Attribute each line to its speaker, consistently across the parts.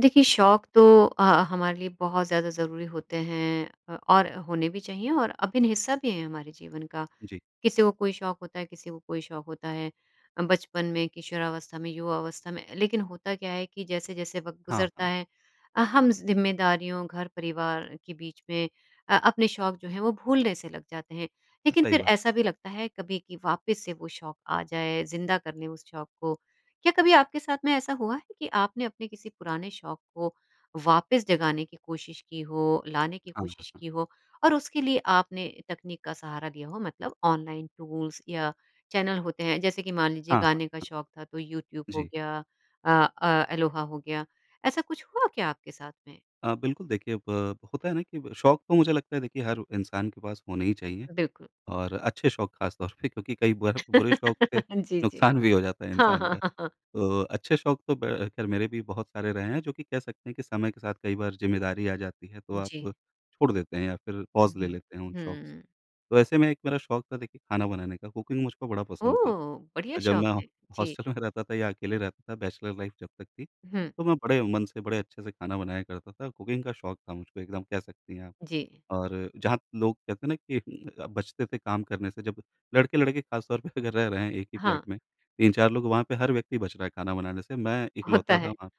Speaker 1: देखिए, शौक तो अ, हमारे लिए बहुत ज़्यादा ज़रूरी होते हैं अ, और होने भी चाहिए और अभिन्न हिस्सा भी है ये हमारे जीवन का।
Speaker 2: जी।
Speaker 1: किसी को कोई शौक होता है किसी को कोई शौक होता है अ, बचपन में, किशोरावस्था में, युवावस्था में। लेकिन होता क्या है कि जैसे-जैसे वक़्त
Speaker 2: हाँ,
Speaker 1: गुज़रता
Speaker 2: हाँ।
Speaker 1: है अ, हम ज़िम्मेदारियों, घर-परिवार के बीच में अ, अपने शौक जो हैं, वो भूलने से लग जाते हैं। लेकिन
Speaker 2: सही
Speaker 1: फिर
Speaker 2: बात।
Speaker 1: ऐसा भी लगता है कभी कि वापिस से वो शौक आ जाएँ, ज़िंदा कर लें उस शौक को। क्या कभी आपके साथ में ऐसा हुआ है कि आपने अपने किसी पुराने शौक को वापस जगाने की कोशिश की हो, लाने की
Speaker 2: हाँ। हुँ,
Speaker 1: कोशिश
Speaker 2: हुँ।
Speaker 1: की हो और उसके लिए आपने तकनीक का सहारा लिया हो? मतलब ऑनलाइन टूल्स या चैनल होते हैं, जैसे कि मान लीजिए
Speaker 2: हाँ,
Speaker 1: गाने का
Speaker 2: हाँ।
Speaker 1: शौक था, तो यूट्यूब हो
Speaker 2: जी।
Speaker 1: गया अ अ, अलोहा हो गया। ऐसा कुछ हुआ क्या आपके साथ में?
Speaker 2: अ, बिल्कुल, देखिए, ब होता है ना कि ब शौक तो मुझे लगता है, देखिए, हर इंसान के पास होने ही चाहिए,
Speaker 1: बिल्कुल।
Speaker 2: और अच्छे शौक ख़ासतौर पे क्योंकि कई बार बुरे शौक से
Speaker 1: जी, जी।
Speaker 2: नुकसान भी हो जाता है
Speaker 1: हाँ,
Speaker 2: इंसान का।
Speaker 1: हाँ, हाँ, हाँ।
Speaker 2: तो अच्छे शौक तो ब ख़ैर मेरे भी बहुत सारे रहे हैं, जो कि कह सकते हैं कि समय के साथ कई बार ज़िम्मेदारी आ जाती है, तो आप
Speaker 1: जी।
Speaker 2: छोड़ देते हैं या फिर पॉज़ ले
Speaker 1: हुँ,
Speaker 2: लेते हैं उन शौक से।
Speaker 1: हुँ।
Speaker 2: तो ऐसे में एक मेरा शौक था, देखिए, खाना बनाने का। कुकिंग मुझको बड़ा पसंद थी।
Speaker 1: ओह! बढ़िया
Speaker 2: जब
Speaker 1: शौक
Speaker 2: मैं
Speaker 1: है। जी।
Speaker 2: हॉस्टल में रहता था, या अकेले रहता था, बैचलर लाइफ़ जब तक थी,
Speaker 1: हुँ।
Speaker 2: तो मैं बड़े मन से, बड़े अच्छे से खाना बनाया करता था। कुकिंग का शौक था मुझको एकदम, कह सकती हैं आप।
Speaker 1: जी
Speaker 2: और जहाँ लोग, कहते हैं ना कि अ, बचते थे काम करने से, जब लड़के-लड़के ख़ासतौर पे अगर रह रहे हैं एक ही
Speaker 1: हाँ।
Speaker 2: फ्लैट में, 3-4 लोग, वहाँ पे हर व्यक्ति बच रहा है खाना बनाने से। मैं
Speaker 1: होता
Speaker 2: इकलौता था
Speaker 1: है।
Speaker 2: वहाँ,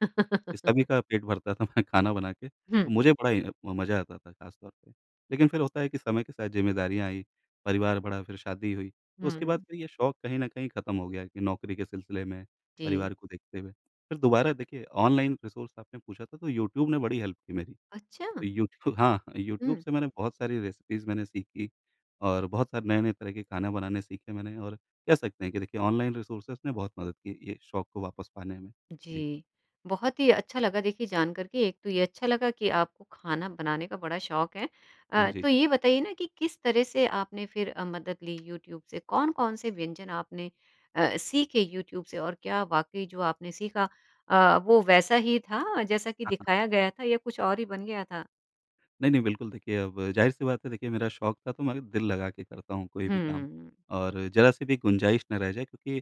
Speaker 2: जो सभी का पेट भरता था मैं खाना बना के।
Speaker 1: हुँ।
Speaker 2: तो मुझे बड़ा ही म मज़ा आता था खासतौर पे। लेकिन फिर होता है कि समय के साथ ज़िम्मेदारियाँ आईं, परिवार बढ़ा, फिर शादी हुई, उसके बाद
Speaker 1: हुँ।
Speaker 2: फिर ये शौक कहीं न कहीं ख़त्म हो गया कि नौकरी के सिलसिले में,
Speaker 1: जी।
Speaker 2: परिवार को देखते हुए। फिर दोबारा देखिए, ऑनलाइन रिसोर्स आपने पूछा था, तो यूट्यूब ने बड़ी हेल्प की मेरी।
Speaker 1: अच्छा।
Speaker 2: तो यूट्यूब हाँ अ, यूट्यूब
Speaker 1: हुँ।
Speaker 2: से मैंने बहुत सारी रेसिपीज़ मैंने सीखी और बहुत सारे नए-नए तरह के खाना बनाने सीखे मैंने, और कह सकते हैं कि देखिए, ऑनलाइन रिसोर्सेज़ ने बहुत मदद की ये शौक को वापस पाने में। जी।
Speaker 1: जी, बहुत ही अच्छा लगा, देखिए, जान कर के। एक तो ये अच्छा लगा कि आपको खाना बनाने का बड़ा शौक है।
Speaker 2: हाँ
Speaker 1: अ,
Speaker 2: जी।
Speaker 1: तो ये बताइए ना कि, किस तरह से आपने फिर अ, मदद ली यूट्यूब से? कौन-कौन से व्यंजन आपने अ, सीखे यूट्यूब से, और क्या वाक़ई जो आपने सीखा अ, वो वैसा ही था, जैसा कि
Speaker 2: हाँ, हाँ।
Speaker 1: दिखाया गया था, या कुछ और ही बन गया था?
Speaker 2: नहीं-नहीं बिल्कुल देखिए अब ज़ाहिर सी बात है देखिए मेरा शौक था तो मैं अ, दिल लगा के करता हूँ कोई भी काम।
Speaker 1: हुँ।
Speaker 2: और जरा सी भी गुंजाइश ना रह जाए क्योंकि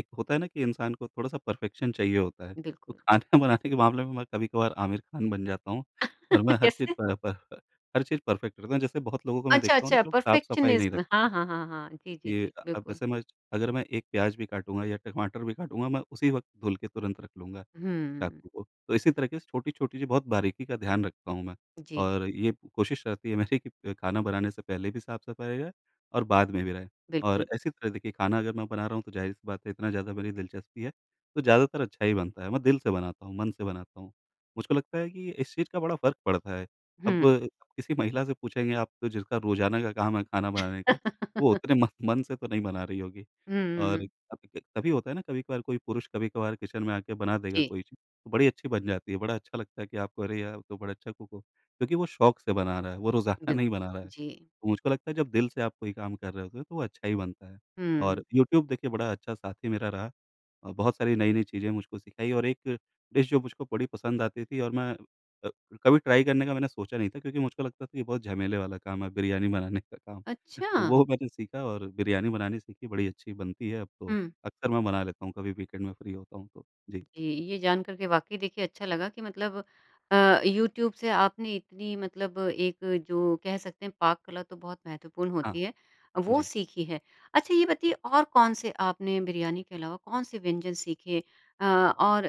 Speaker 2: एक होता है ना कि इंसान को थोड़ा-सा परफेक्शन चाहिए होता है। तो
Speaker 1: बिल्कुल।
Speaker 2: खाना बनाने के मामले में मैं कभी-कभार आमिर खान बन जाता हूँ। और मैं हर चीज़
Speaker 1: कैसे?
Speaker 2: प ह प अ, हर चीज़ परफेक्ट करता हूँ। जैसे बहुत लोगों को मैं
Speaker 1: अच्छा
Speaker 2: देखता हूँ ना
Speaker 1: अच्छा,
Speaker 2: जो साफ-सफाई नहीं
Speaker 1: परफेक्शनिज़्म,
Speaker 2: रखते
Speaker 1: हाँ,
Speaker 2: हैं।
Speaker 1: हाँ, हाँ, हाँ, जी, जी,
Speaker 2: कि,
Speaker 1: जी
Speaker 2: अब
Speaker 1: बिल्कुल।
Speaker 2: जैसे मैं अगर मैं एक प्याज भी काटूँगा या टमाटर भी काटूँगा मैं उसी वक़्त धुल के तुरंत रख लूँगा,
Speaker 1: हुँ।
Speaker 2: चाकू को। तो इसी तरीके से छोटी-छोटी जो बहुत बारीकी का ध्यान रखता हूँ मैं।
Speaker 1: जी।
Speaker 2: और ये कोशिश रहती है मेरी कि खाना बनाने से पहले भी साफ-सफाई हो जाए और बाद में भी रहे। और
Speaker 1: बिल्कुल।
Speaker 2: ऐसी तरह देखिए खाना अगर मैं बना रहा हूँ तो जाहिर सी बात है इतना ज़्यादा मेरी दिलचस्पी है, तो ज़्यादातर अच्छा ही बनता है। मैं दिल से बनाता हूँ मन से बनाता हूँ। मुझको लगता है कि इस चीज़ का बड़ा फर्क पड़ता है। अब
Speaker 1: हुँ।
Speaker 2: किसी महिला से पूछेंगे आप जिसका रोज़ाना का काम है खाना बनाने का वो उतने म मन से तो नहीं बना रही होगी। और
Speaker 1: हुँ।
Speaker 2: तभी त तभी होता है ना कभी-कभार कोई पुरुष कभी-कभार किचन में आके बना देगा
Speaker 1: जी।
Speaker 2: कोई चीज़ तो बड़ी अच्छी बन जाती है। बड़ा अच्छा लगता है कि आप अरे यार आप तो बड़ा अच्छा कुक हो। क्योंकि वो शौक से बना रहा है वो रोज़ाना
Speaker 1: बिल्क
Speaker 2: नहीं बना रहा है।
Speaker 1: जी।
Speaker 2: मुझको लगता है जब दिल से आप कोई काम कर रहे होते हो तो वो अच्छा ही बनता है। और
Speaker 1: हुँ।
Speaker 2: यूट्यूब देखिए बड़ा अच्छा साथी मेरा रहा। अ, बहुत सारी नई-नई चीज़ें मुझको सिखाई और एक डिश जो मुझको बड़ी पसंद आती थी और मैं अ, कभी ट्राई करने का मैंने सोचा नहीं था क्योंकि मुझको लगता था ये बहुत झमेले वाला काम है बिरयानी बनाने का काम। तो
Speaker 1: अच्छा।
Speaker 2: वो मैंने सीखा और बिरयानी बनानी सीखी बड़ी अच्छी बनती है अब तो।
Speaker 1: हुँ।
Speaker 2: अक्सर मैं बना लेता हूँ कभी वीकेंड में फ्री होता हूँ तो, जी।
Speaker 1: जी, ये जान कर के वाक़ई देखिए अच्छा लगा कि मतलब अ, यूट्यूब से आपने इतनी मतलब एक जो कह सकते हैं पाक कला तो बहुत महत्वपूर्ण
Speaker 2: हाँ,
Speaker 1: होती है वो
Speaker 2: जी।
Speaker 1: सीखी है। अच्छा ये बताइए और कौन से आपने बिरयानी के अलावा कौन से व्यंजन सीखे? अ, और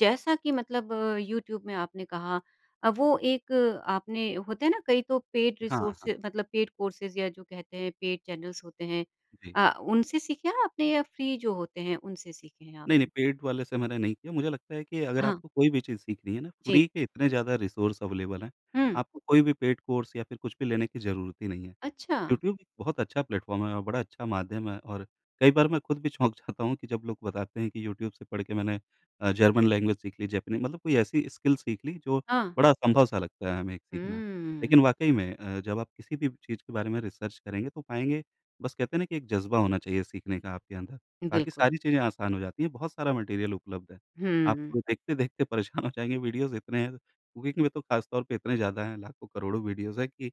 Speaker 1: जैसा कि मतलब यूट्यूब में आपने कहा अ, वो एक आपने होते हैं ना कई तो पेड
Speaker 2: हाँ, हाँ।
Speaker 1: रिसोर्सेज़ मतलब पेड कोर्सेज़ या जो कहते हैं पेड चैनल्स होते हैं।
Speaker 2: जी।
Speaker 1: अ, उनसे सीखे हैं आपने या फ्री जो होते हैं उनसे सीखे हैं
Speaker 2: नहीं-नहीं
Speaker 1: आपने?
Speaker 2: पेड वाले से मैंने नहीं किया, मुझे लगता है कि अगर
Speaker 1: हाँ।
Speaker 2: आपको कोई भी चीज़ सीखनी है ना
Speaker 1: जी।
Speaker 2: फ्री के इतने ज़्यादा रिसोर्स अवेलेबल हैं
Speaker 1: हुँ।
Speaker 2: आपको कोई भी पेड कोर्स या फिर कुछ भी लेने की ज़रूरत ही नहीं है।
Speaker 1: अच्छा।
Speaker 2: यूट्यूब बहुत अच्छा प्लेटफॉर्म है और बड़ा अच्छा माध्यम है और कई बार मैं ख़ुद भी चौंक जाता हूँ कि जब लोग बताते हैं कि यूट्यूब से पढ़ के मैंने अ, जर्मन लैंग्वेज सीख ली जैपनीज़ मतलब कोई ऐसी स्किल सीख ली जो
Speaker 1: हाँ।
Speaker 2: बड़ा असंभव सा लगता है हमें एक सीखना।
Speaker 1: हुँ।
Speaker 2: लेकिन वाक़ई में अ, जब आप किसी भी चीज़ के बारे में रिसर्च करेंगे तो पाएँगे बस कहते हैं ना कि एक जज़्बा होना चाहिए सीखने का आपके अंदर। बाकी
Speaker 1: बिल्कुल।
Speaker 2: सारी चीज़ें आसान हो जाती हैं। बहुत सारा मटीरियल उपलब्ध है। आप
Speaker 1: हुँ।
Speaker 2: को देखते-देखते परेशान हो जाएँगे वीडियोज़ इतने हैं। कुकिंग कि में तो खास तौर पे इतने ज़्यादा हैं। लाखों करोड़ों वीडियोज़ हैं कि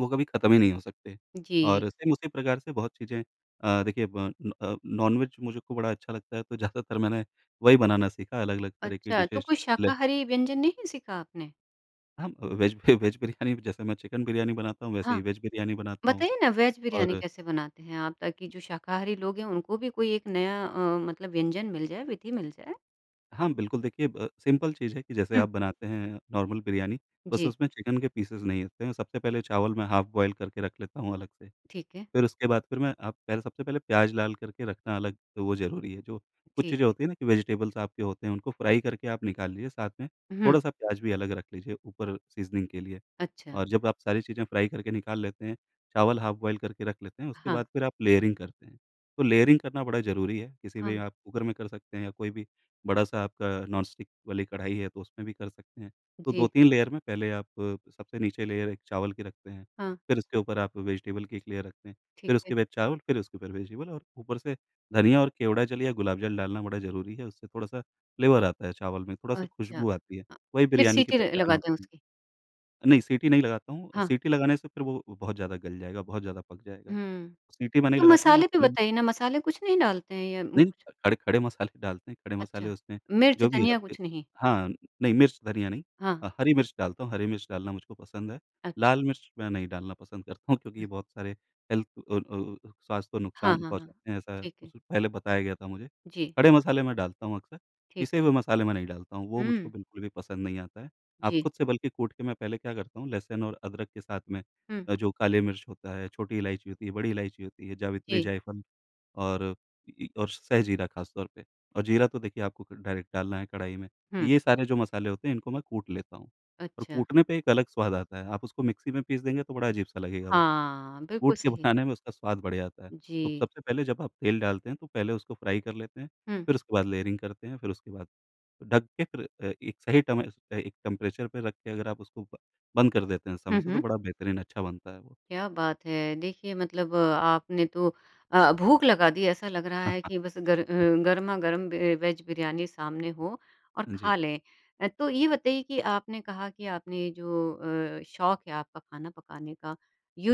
Speaker 2: वो कभी खत्म ही नहीं हो सकते।
Speaker 1: जी।
Speaker 2: और सेम उसी प्रकार से बहुत चीज़ें अ, देखिए ब न अ, नॉनवेज मुझे खू बड़ा अच्छा लगता है तो ज़्यादातर मैंने वही बनाना सीखा अलग-अलग तरह की
Speaker 1: अच्छा, तो
Speaker 2: डिशेज़
Speaker 1: कोई
Speaker 2: ले।
Speaker 1: शाकाहारी व्यंजन नहीं सीखा आपने?
Speaker 2: हब वेज बि वेज बिरयानी जैसे मैं चिकन बिरयानी बनाता हूँ, वैसे
Speaker 1: हाँ।
Speaker 2: ही वेज बिरयानी बनाता हूँ।
Speaker 1: बताइए ना वेज बिरयानी
Speaker 2: और
Speaker 1: कैसे बनाते हैं आप? ताकि जो शाकाहारी लोग हैं उनको भी कोई एक नया अ, मतलब व्यंजन मिल जाए, विधि मिल जाए।
Speaker 2: हाँ, बिल्कुल देखिए, ब सिंपल चीज़ है कि जैसे
Speaker 1: हुँ।
Speaker 2: आप बनाते हैं नॉर्मल बिरयानी, बस
Speaker 1: जी।
Speaker 2: उसमें चिकन के पीसेस नहीं होते हैं। सबसे पहले चावल मैं हाफ़ बॉयल करके रख लेता हूँ अलग से,
Speaker 1: ठीक है।
Speaker 2: फिर उसके बाद फिर मैं आप पहल सबसे पहले प्याज़ लाल करके रखना अलग तो वो ज़रूरी है। जो कुछ चीज़ें
Speaker 1: ठीक।
Speaker 2: होती हैं ना कि वेजिटेबल्स आपके होते हैं, उनको फ्राई करके आप निकाल लीजिए, साथ में
Speaker 1: उहुँ।
Speaker 2: थोड़ा-सा प्याज़ भी अलग रख लीजिए ऊपर सीज़निंग के लिए।
Speaker 1: अच्छा।
Speaker 2: और जब आप सारी चीज़ें फ्राई करके निकाल लेते हैं, चावल हाफ़ बॉयल करके रख लेते हैं, उसके
Speaker 1: हाँ।
Speaker 2: बाद फिर आप लेयरिंग करते हैं, तो लेयरिंग करना बड़ा ज़रूरी है। किसी भी
Speaker 1: हाँ।
Speaker 2: आप कुकर में कर सकते हैं या कोई भी बड़ा-सा आपका नॉन-स्टिक वाली कढ़ाई है तो उसमें भी कर सकते हैं। तो दो
Speaker 1: जी।
Speaker 2: तीन लेयर में पहले आप सबसे नीचे लेयर एक चावल की रखते हैं,
Speaker 1: हाँ।
Speaker 2: फिर उसके ऊपर आप वेजिटेबल की एक लेयर रखते हैं।
Speaker 1: ठीक
Speaker 2: फिर
Speaker 1: है।
Speaker 2: उसके बाद चावल फिर उसके ऊपर वेजिटेबल और ऊपर से धनिया और केवड़ा जल या गुलाब जल डालना बड़ा ज़रूरी है। उससे थोड़ा-सा फ्लेवर आता है चावल में, थोड़ा-सा
Speaker 1: अच्छा।
Speaker 2: खुशबू आती है।
Speaker 1: अ,
Speaker 2: वही
Speaker 1: फिर
Speaker 2: बिरयानी की
Speaker 1: सीटी र
Speaker 2: पहचान
Speaker 1: लगा दें
Speaker 2: होती है।
Speaker 1: उसकी।
Speaker 2: नहीं, सीटी नहीं लगाता हूँ। अ,
Speaker 1: हाँ।
Speaker 2: सीटी लगाने से फिर वो अ, बहुत ज़्यादा गल जाएगा, बहुत ज़्यादा पक जाएगा।
Speaker 1: हुँ।
Speaker 2: सीटी मैं नहीं
Speaker 1: तो
Speaker 2: लगाता हूँ, मैं
Speaker 1: मसाले भी
Speaker 2: क्लिंग
Speaker 1: बताइए ना, मसाले कुछ नहीं डालते हैं या म
Speaker 2: नहीं अ, ख खड़े खड़े मसाले डालते हैं। खड़े
Speaker 1: अच्छा।
Speaker 2: मसाले उसमें
Speaker 1: मिर्च,
Speaker 2: जो भी हैं
Speaker 1: धनिया
Speaker 2: आपके
Speaker 1: कुछ नहीं।
Speaker 2: हाँ, नहीं मिर्च, धनिया नहीं
Speaker 1: हाँ।
Speaker 2: अ, हरी मिर्च डालता हूँ। हरी मिर्च डालना मुझको पसंद है।
Speaker 1: अच्छा।
Speaker 2: लाल मिर्च मैं नहीं डालना पसंद करता हूँ क्योंकि ये
Speaker 1: हुँ।
Speaker 2: बहुत सारे हेल्थ अ अ अ अ, स्वास्थ्य को
Speaker 1: हाँ,
Speaker 2: नुकसान
Speaker 1: हाँ, हाँ।
Speaker 2: पहुँचाते हैं, ऐसा
Speaker 1: ठीक
Speaker 2: उ
Speaker 1: है।
Speaker 2: सु पहले बताया गया था मुझे।
Speaker 1: जी।
Speaker 2: खड़े मसाले मैं डालता हूँ अक्सर,
Speaker 1: ठीक
Speaker 2: पीसे
Speaker 1: है।
Speaker 2: हुए मसाले मैं नहीं डालता हूँ। वो मुझको
Speaker 1: हुँ।
Speaker 2: बिल्कुल भी पसंद नहीं आता है। आप
Speaker 1: जी।
Speaker 2: खुद से बल्कि कूट के मैं पहले क्या करता हूँ लहसुन और अदरक के साथ में
Speaker 1: हुँ।
Speaker 2: अ, जो काली मिर्च होता है, छोटी इलायची होती है, बड़ी इलायची होती है, जावित्री
Speaker 1: जी।
Speaker 2: जायफल और ई ई और सह जीरा खास तौर पे और जीरा तो देखिए आपको क डायरेक्ट डालना है कढ़ाई में।
Speaker 1: हुँ।
Speaker 2: ये सारे जो मसाले होते हैं इनको मैं कूट लेता हूँ, और
Speaker 1: अच्छा।
Speaker 2: कूटने पे एक अलग स्वाद आता है। आप उसको मिक्सी में पीस देंगे तो बड़ा अजीब-सा लगेगा वो। तो
Speaker 1: हाँ। बिल्कुल
Speaker 2: कूट के
Speaker 1: सही।
Speaker 2: बनाने में उसका स्वाद बढ़िया आता है। तो
Speaker 1: जी।
Speaker 2: सबसे पहले जब आप तेल डालते हैं तो पहले उसको फ्राई कर लेते हैं,
Speaker 1: हुँ।
Speaker 2: फिर उसके बाद लेयरिंग करते हैं। फिर उसके बाद ढक के फिर अ, एक सही टमे अ, एक टेंपरेचर पे रख के अगर आप उसको ब बंद कर देते हैं समय
Speaker 1: हुँ,
Speaker 2: से तो
Speaker 1: हुँ।
Speaker 2: बड़ा बेहतरीन अच्छा बनता है वो।
Speaker 1: क्या बात है। देखिए, मतलब आपने तो अ, भूख लगा दी। ऐसा लग रहा है कि बस गर अ, गरमा-गरम बे अ, वेज बिरयानी सामने हो और
Speaker 2: हाँ जी।
Speaker 1: खा लें। अ, तो ये बताइए कि आपने कहा कि आपने जो अ, शौक है आपका खाना पकाने का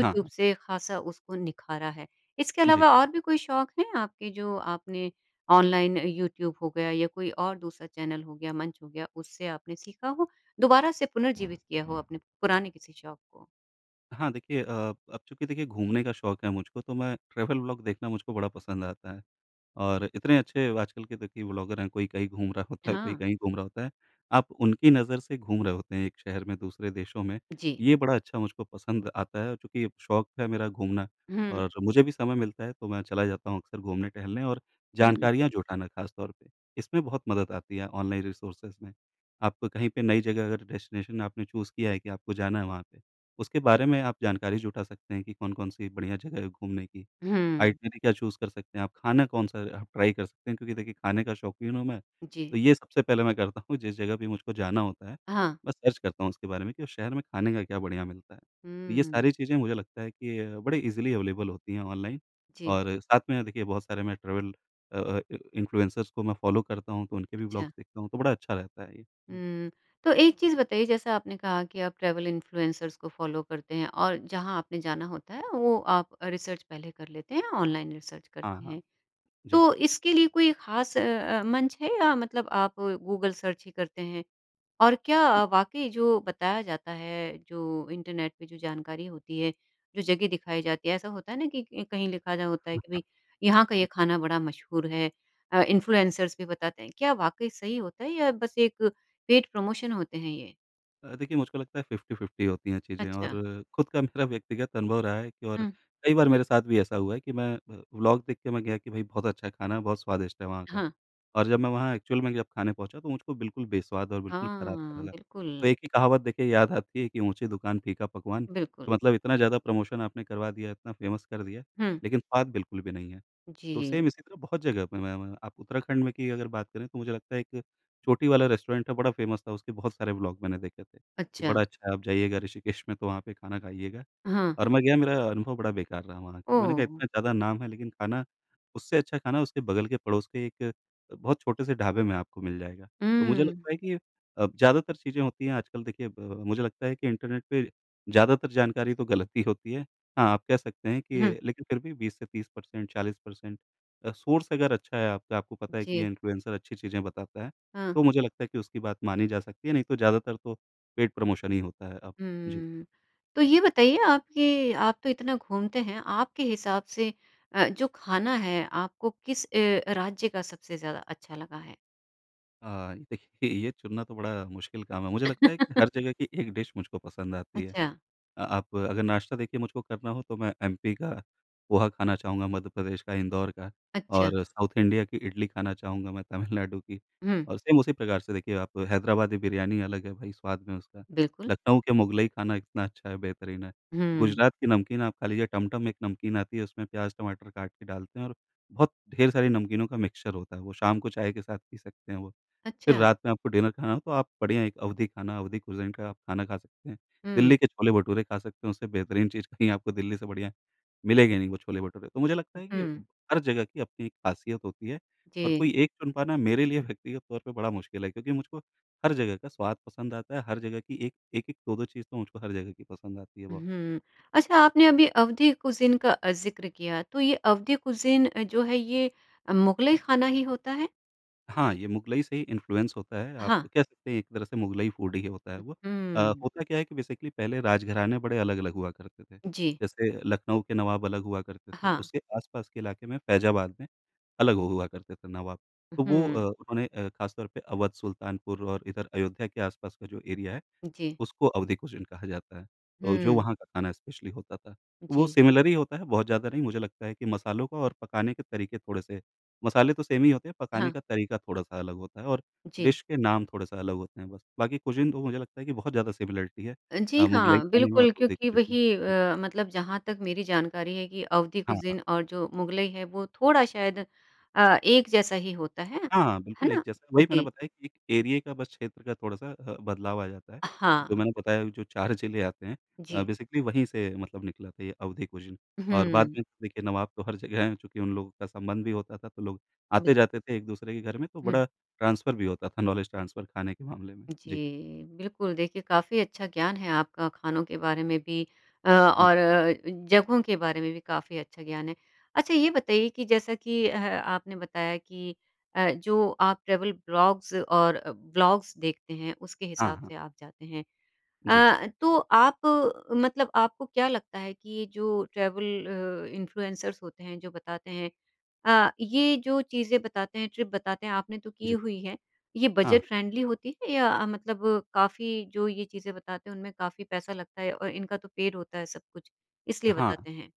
Speaker 2: हाँ, हाँ।
Speaker 1: से ख़ासा उसको निखारा है, इसके
Speaker 2: जी।
Speaker 1: अलावा और भी कोई शौक हैं आपके जो आपने ऑनलाइन यूट्यूब हो गया या कोई और दूसरा चैनल हो गया, मंच हो गया उससे आपने सीखा हो? दोबारा से पुनर्जीवित किया हो अपने पुराने किसी शौक को?
Speaker 2: हाँ, देखिए अ, अब चूँकि देखिए घूमने का शौक है मुझको तो मैं ट्रैवल व्लॉग देखना मुझको बड़ा पसंद आता है, और इतने अच्छे आजकल के देखिए व्लॉगर है, कोई कहीं घूम रहा होता है, कोई
Speaker 1: हाँ।
Speaker 2: कहीं घूम रहा होता है। आप उनकी नज़र से घूम रहे होते हैं एक शहर में, दूसरे देशों में।
Speaker 1: जी।
Speaker 2: ये बड़ा अच्छा मुझको पसंद आता है, चूँकि शौक है मेरा घूमना
Speaker 1: हुँ।
Speaker 2: और मुझे भी समय मिलता है तो मैं चला जाता हूँ अक्सर घूमने टहलने और
Speaker 1: हुँ।
Speaker 2: जानकारियाँ जुटाना ख़ास तौर पे। इसमें बहुत मदद आती है ऑनलाइन रिसोर्सेज़ में। आपको कहीं पे नई जगह अगर डेस्टिनेशन आपने चूज़ किया है कि आपको जाना है वहाँ पे, उसके बारे में आप जानकारी जुटा सकते हैं कि कौन-कौन सी बढ़िया जगह है घूमने की।
Speaker 1: हुँ।
Speaker 2: आइटिनरी क्या चूज़ कर सकते हैं आप। ख़ाना कौन-सा आप ट्राई कर सकते हैं, क्योंकि देखिए, ख़ाने का शौकीन हूँ मैं तो
Speaker 1: जी।
Speaker 2: ये सबसे पहले मैं करता हूँ जिस जगह भी मुझको जाना होता है,
Speaker 1: हाँ।
Speaker 2: मैं सर्च करता हूँ उसके बारे में कि उस शहर में ख़ाने का क्या बढ़िया मिलता है। तो ये
Speaker 1: हुँ।
Speaker 2: सारी चीज़ें मुझे लगता है कि अ, बड़े ईज़िली अवेलेबल होती हैं ऑनलाइन
Speaker 1: जी।
Speaker 2: और साथ में देखिए, बहुत सारे मैं ट्रैवल अ अ, इन्फ्लुएंसर्स को मैं फॉलो करता हूँ तो उनके भी
Speaker 1: अच्छा।
Speaker 2: व्लॉग्स देखता हूँ तो बड़ा अच्छा रहता है ये। जी।
Speaker 1: हुँ, तो एक चीज़ बताइए जैसा आपने कहा कि आप ट्रैवल इन्फ्लुएंसर्स को फॉलो करते हैं और जहाँ आपने जाना होता है वो आप रिसर्च पहले कर लेते हैं, ऑनलाइन रिसर्च
Speaker 2: हाँ,
Speaker 1: करते
Speaker 2: हाँ।
Speaker 1: हैं।
Speaker 2: जी।
Speaker 1: तो इसके लिए कोई ख़ास अ अ, मंच है या मतलब आप गूगल सर्च ही करते हैं? और क्या वाक़ई जो बताया जाता है जो इंटरनेट पे जो जानकारी होती है, जो जगह दिखाई जाती है ऐसा होता है ना कि कहीं लिखा रहा होता है कि
Speaker 2: [unintelligible]
Speaker 1: भई यहाँ का ये ख़ाना बड़ा मशहूर है अ, इन्फ्लुएंसर्स भी बताते हैं, क्या वाक़ई सही होता है या बस एक पेड प्रमोशन होते हैं ये?
Speaker 2: अ, देखिए मुझको लगता है 50-50 होती हैं चीज़ें।
Speaker 1: अच्छा।
Speaker 2: और खुद का मेरा व्यक्तिगत अनुभव रहा है कि और
Speaker 1: हुँ।
Speaker 2: कई बार मेरे साथ भी ऐसा हुआ है कि मैं अ, व्लॉग देख के मैं गया कि भाई बहुत अच्छा खाना, बहुत स्वादिष्ट है वहाँ का।
Speaker 1: हाँ।
Speaker 2: और जब मैं वहाँ एक्चुअल में जब खाने पहुँचा तो मुझको बिल्कुल बेस्वाद और बिल्कुल खराब सा
Speaker 1: हाँ,
Speaker 2: लगा। तो
Speaker 1: बिल्कुल।
Speaker 2: एक ही कहावत देखिए याद आती है कि ऊँची दुकान फीका पकवान।
Speaker 1: बिल्कुल।
Speaker 2: तो मतलब इतना ज़्यादा प्रमोशन आपने करवा दिया, इतना फ़ेमस कर दिया
Speaker 1: हुँ।
Speaker 2: लेकिन स्वाद बिल्कुल भी नहीं है। तो
Speaker 1: जी।
Speaker 2: सेम इसी तरह बहुत जगह पे मै मै आप उत्तराखंड में की अगर बात करें तो मुझे लगता है कि एक चोटी वाला रेस्टोरेंट है बड़ा फ़ेमस था। उसके बहुत सारे व्लॉग मैंने देखे थे। कि
Speaker 1: अच्छा।
Speaker 2: बड़ा अच्छा है, आप जाइएगा ऋषिकेश में तो वहाँ पे खाना खाइएगा।
Speaker 1: हाँ।
Speaker 2: और मैं गया मेरा अनुभव बड़ा बेकार रहा वहाँ का। मैंने कहा इतना
Speaker 1: ओह!
Speaker 2: ज़्यादा नाम है लेकिन खाना उससे अच्छा खाना उसके बगल के पड़ोस के एक बहुत छोटे से ढाबे में आपको मिल जाएगा। तो मुझे
Speaker 1: हुँ।
Speaker 2: लगता है कि अब ज़्यादातर चीज़ें होती हैं आजकल देखिए अ, मुझे लगता है कि इंटरनेट पे ज़्यादातर जानकारी तो गलत ही होती है। हाँ, आप कह सकते हैं
Speaker 1: हुँ।
Speaker 2: कि लेकिन फिर भी 20 से 30% 40% अ, सोर्स अगर अच्छा है आपका, आपको पता है कि ये
Speaker 1: जी।
Speaker 2: इन्फ्लुएंसर अच्छी चीज़ें बताता है।
Speaker 1: हाँ।
Speaker 2: तो मुझे लगता है कि उसकी बात मानी जा सकती है। नहीं तो ज़्यादातर तो पेड प्रमोशन ही होता है अब। जी।
Speaker 1: हुँ। तो ये बताइए आप, कि आप तो इतना घूमते हैं, आपके हिसाब से अ, जो खाना है, आपको किस अ, राज्य का सबसे ज़्यादा अच्छा लगा है?
Speaker 2: अ, देखिए, ये चुनना तो बड़ा मुश्किल काम है। मुझे लगता है कि हर जगह की एक डिश मुझको पसंद आती है।
Speaker 1: अच्छा।
Speaker 2: अ, आप अगर नाश्ता देखिए मुझको करना हो तो मैं एमपी का पोहा खाना चाहूँगा, मध्य प्रदेश का इंदौर का
Speaker 1: अच्छा।
Speaker 2: और साउथ इंडिया की इडली खाना चाहूँगा मैं तमिलनाडु की
Speaker 1: हुँ।
Speaker 2: और सेम उसी प्रकार से देखिए आप हैदराबादी बिरयानी अलग है भई स्वाद में, उसका
Speaker 1: बिल्कुल।
Speaker 2: लखनऊ के मुग़लई खाना इतना अच्छा है बेहतरीन है।
Speaker 1: हुँ।
Speaker 2: गुजरात की नमकीन आप खा लीजिए टमटम में एक नमकीन आती है उसमें प्याज़ टमाटर काट के डालते हैं और बहुत ढेर सारी नमकीनों का मिक्सचर होता है वो, शाम को चाय के साथ पी सकते हैं वो। फिर
Speaker 1: अच्छा।
Speaker 2: रात में आपको डिनर खाना हो तो आप बढ़िया एक अवधी खाना, अवधी कुज़ीन का आप खाना खा सकते हैं।
Speaker 1: हुँ।
Speaker 2: दिल्ली के छोले भटूरे खा सकते हैं, उससे बेहतरीन चीज़ कहीं आपको दिल्ली से बढ़िया मिलेंगे नहीं वो छोले भटूरे। तो मुझे लगता है कि
Speaker 1: हुँ।
Speaker 2: हर जगह की अपनी एक ख़ासियत होती है और
Speaker 1: जी।
Speaker 2: कोई 1 चुन पाना मेरे लिए व्यक्तिगत तौर पे बड़ा मुश्किल है क्योंकि मुझको हर जगह का स्वाद पसंद आता है, हर जगह की 1 1-1 2-2 चीज़ तो मुझको हर जगह की पसंद आती है बहुत।
Speaker 1: उहुँ। अच्छा, आपने अभी अवधी कुज़ीन का ज़िक्र किया, तो ये अवधी कुज़ीन जो है ये मुग़लई खाना ही होता है?
Speaker 2: हाँ, ये मुग़लई से ही इन्फ्लुएंस होता है। आप
Speaker 1: हाँ।
Speaker 2: कह सकते हैं एक तरह से मुग़लई फ़ूड ही होता है
Speaker 1: उ
Speaker 2: वो। अ,
Speaker 1: हुँ।
Speaker 2: होता क्या है कि बेसिकली पहले राजघराने बड़े अलग-अलग हुआ करते थे।
Speaker 1: जी।
Speaker 2: जैसे लखनऊ के नवाब अलग हुआ करते थे,
Speaker 1: हाँ।
Speaker 2: उसके आसपास के इलाके में फ़ैज़ाबाद में अलग हु हुआ करते थे नवाब। तो वो अ,
Speaker 1: उहुँ।
Speaker 2: उन्होंने अ, ख़ास तौर पर अवध, सुल्तानपुर और इधर अयोध्या के आसपास का जो एरिया है
Speaker 1: जी।
Speaker 2: उसको अवधी कुज़ीन कहा जाता है, अ, जो
Speaker 1: हुँ।
Speaker 2: वहाँ का खाना स्पेशली होता था। वो
Speaker 1: जी।
Speaker 2: सिमिलर ही होता है, बहुत ज़्यादा नहीं मुझे लगता है कि मसालों का और पकाने के तरीके थोड़े-से मसाले तो सेम ही होते हैं, पकाने
Speaker 1: हाँ।
Speaker 2: का तरीका थोड़ा-सा अलग होता है और
Speaker 1: जी।
Speaker 2: डिश के नाम थोड़ा-सा अलग होते हैं बस। बाकी कुज़ीन तो मुझे लगता है कि बहुत ज़्यादा सिमिलरिटी है
Speaker 1: अ, जी
Speaker 2: अ, मुग़लई
Speaker 1: हाँ।
Speaker 2: खाने में और
Speaker 1: बिल्कुल
Speaker 2: अवधी
Speaker 1: क्योंकि
Speaker 2: खाने में।
Speaker 1: वही
Speaker 2: जी।
Speaker 1: अ, मतलब जहाँ तक मेरी जानकारी है कि अवधी
Speaker 2: हाँ, हाँ।
Speaker 1: कुज़ीन और जो मुग़लई है वो थोड़ा शायद अ, एक जैसा ही होता है।
Speaker 2: हाँ,
Speaker 1: है
Speaker 2: बिल्कुल एक
Speaker 1: ना?
Speaker 2: जैसा, वही मैंने
Speaker 1: जी।
Speaker 2: बताया कि एक एरिये का, बस क्षेत्र का थोड़ा-सा ह बदलाव आ जाता है। जो
Speaker 1: हाँ।
Speaker 2: मैंने बताया वो जो 4 जिले आते हैं अ,
Speaker 1: जी।
Speaker 2: बेसिकली वहीं से मतलब निकला था ये अवधी कुज़ीन और बाद
Speaker 1: हुँ।
Speaker 2: में देखिए नवाब तो हर जगह हैं क्योंकि उन लोगों का संबंध भी होता था तो लोग
Speaker 1: बिल्क
Speaker 2: आते जाते थे एक-दूसरे के घर में तो
Speaker 1: हुँ।
Speaker 2: बड़ा ट्रांसफ़र भी होता था, नॉलेज़ ट्रांसफ़र खाने के मामले में। जी।
Speaker 1: जी। बिल्कुल, देखिए काफ़ी अच्छा ज्ञान है आपका खानों के बारे में भी अ,
Speaker 2: हुँ।
Speaker 1: और अ अ, जगहों के बारे में भी काफ़ी अच्छा ज्ञान है। अच्छा ये बताइए कि जैसा कि अ, आपने बताया कि अ, जो आप ट्रैवल ब्लॉग्स और ब्लॉग्स देखते हैं उसके
Speaker 2: हाँ,
Speaker 1: हिसाब
Speaker 2: हाँ।
Speaker 1: से आप जाते हैं। अ
Speaker 2: जी।
Speaker 1: अ, तो आप मतलब आपको क्या लगता है कि ये जो ट्रैवल अ, इन्फ्लुएंसर्स होते हैं, जो बताते हैं अ, ये जो चीज़ें बताते हैं, ट्रिप बताते हैं, आपने तो की
Speaker 2: जी।
Speaker 1: हुई है, ये बजट
Speaker 2: हाँ।
Speaker 1: फ्रेंडली होती है या मतलब काफ़ी जो ये चीज़ें बताते हैं उनमें काफ़ी पैसा लगता है और इनका तो पेड होता है सब कुछ इसलिए
Speaker 2: हाँ।
Speaker 1: बताते हैं?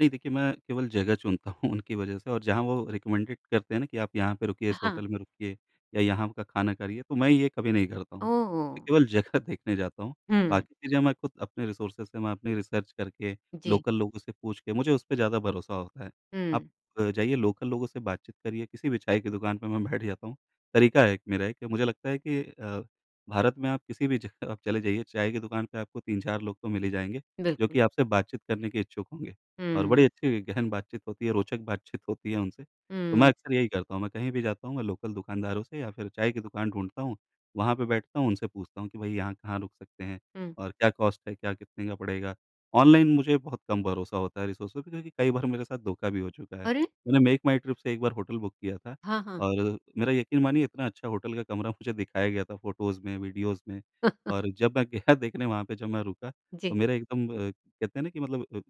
Speaker 2: नहीं देखिए मैं केवल जगह चुनता हूँ उनकी वज़ह से और जहाँ वो रेकमेंडेड करते हैं ना कि आप यहाँ पे रुकिए, इस
Speaker 1: हाँ।
Speaker 2: होटल में रुकिए या यहाँ का खाना करिए तो मैं ये कभी नहीं करता हूँ। मैं
Speaker 1: ओह!
Speaker 2: केवल जगह देखने जाता हूँ
Speaker 1: हुँ।
Speaker 2: बाकी चीज़ें मैं ख़ुद अपने रिसोर्सेज़ से, मैं अपनी रिसर्च करके,
Speaker 1: जी।
Speaker 2: लोकल लोगों से पूछ के, मुझे उस पे ज़्यादा भरोसा होता है। आप
Speaker 1: हुँ।
Speaker 2: जाइए लोकल लोगों से बातचीत करिए किसी भी चाय की दुकान पे मैं बैठ जाता हूँ। तरीका है एक मेरा एक कि मुझे लगता है कि अ, भारत में आप किसी भी जगह आप चले जाइए चाय की दुकान पे आपको 3-4 लोग तो मिल ही जाएँगे जो
Speaker 1: बिल्कुल।
Speaker 2: कि आपसे बातचीत करने के इच्छुक होंगे और
Speaker 1: हुँ।
Speaker 2: बड़ी अच्छी गहन बातचीत होती है, रोचक बातचीत होती है उनसे। तो मैं
Speaker 1: हुँ।
Speaker 2: अक्सर यही करता हूँ। मैं कहीं भी जाता हूँ मैं लोकल दुकानदारों से या फिर चाय की दुकान ढूँढता हूँ, वहाँ पे बैठता हूँ, उनसे पूछता हूँ कि भई यहाँ कहाँ रुक सकते हैं?
Speaker 1: हुँ।
Speaker 2: और क्या कॉस्ट है? क्या कितने का पड़ेगा? ऑनलाइन मुझे बहुत कम भरोसा होता है रिसोर्सेज़ पे क्योंकि कई बार मेरे साथ धोखा भी हो चुका है।
Speaker 1: अरे!
Speaker 2: मैंने मेकमाईट्रिप से एक बार होटल बुक किया था
Speaker 1: हाँ, हाँ।
Speaker 2: और मेरा यकीन मानिए इतना अच्छा होटल का कमरा मुझे दिखाया गया था फ़ोटोज़ में, वीडियोज़ में और जब मैं गया देखने वहाँ पे जब मैं रुका तो
Speaker 1: जी।
Speaker 2: मेरा एकदम कहते हैं ना कि मतलब अ,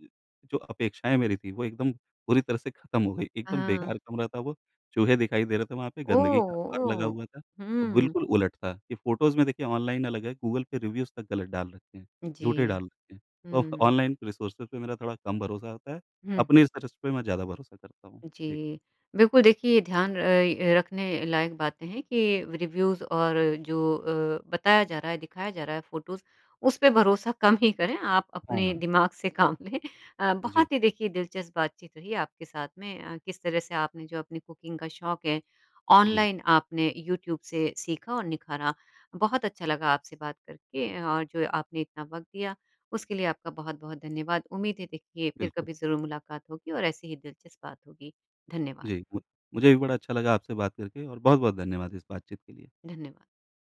Speaker 2: जो अपेक्षाएँ मेरी थीं वो एकदम पूरी तरह से खत्म हो गईं। एकदम
Speaker 1: हाँ।
Speaker 2: बेकार कमरा था वो, चूहे दिखाई दे रहे थे, वहाँ पे
Speaker 1: ओ,
Speaker 2: गंदगी का अंबार लगा
Speaker 1: ओ।
Speaker 2: हुआ था।
Speaker 1: हुँ।
Speaker 2: बिल्कुल उलट था कि फ़ोटोज़ में देखिए ऑनलाइन अलग है, गूगल पे रिव्यूज़ तक ग़लत डाल रखे हैं, झूठे
Speaker 1: जी।
Speaker 2: डाल रखे हैं। तो
Speaker 1: हुँ।
Speaker 2: ऑनलाइन रिसोर्सेज़ पे मेरा थोड़ा कम भरोसा होता है,
Speaker 1: हुँ।
Speaker 2: अपनी रिसर्च पे मैं ज़्यादा भरोसा करता हूँ। जी।
Speaker 1: जी। बिल्कुल, देखिए ध्यान र अ, रखने लायक बातें हैं कि रिव्यूज़ और जो अ, बताया जा रहा है, दिखाया जा रहा है, फ़ोटोज़ उस पे भरोसा कम ही करें, आप
Speaker 2: हाँ,
Speaker 1: अपने
Speaker 2: हाँ।
Speaker 1: दिमाग से काम लें। अ,
Speaker 2: जी।
Speaker 1: बहुत ही देखिए दिलचस्प बातचीत रही आपके साथ में। अ, किस तरह से आपने जो अपनी कुकिंग का शौक है,
Speaker 2: जी।
Speaker 1: ऑनलाइन आपने यूट्यूब से सीखा और निखारा। बहुत अच्छा लगा आपसे बात करके और जो आपने इतना वक़्त दिया, उसके लिए आपका बहुत-बहुत धन्यवाद। उम्मीद है देखिए फिर
Speaker 2: बिल्कुल।
Speaker 1: कभी ज़रूर मुलाकात होगी और ऐसे ही दिलचस्प बात होगी। धन्यवाद।
Speaker 2: जी मु मुझे भी बड़ा अच्छा लगा आपसे बात करके और बहुत-बहुत धन्यवाद इस बातचीत के लिए।
Speaker 1: धन्यवाद।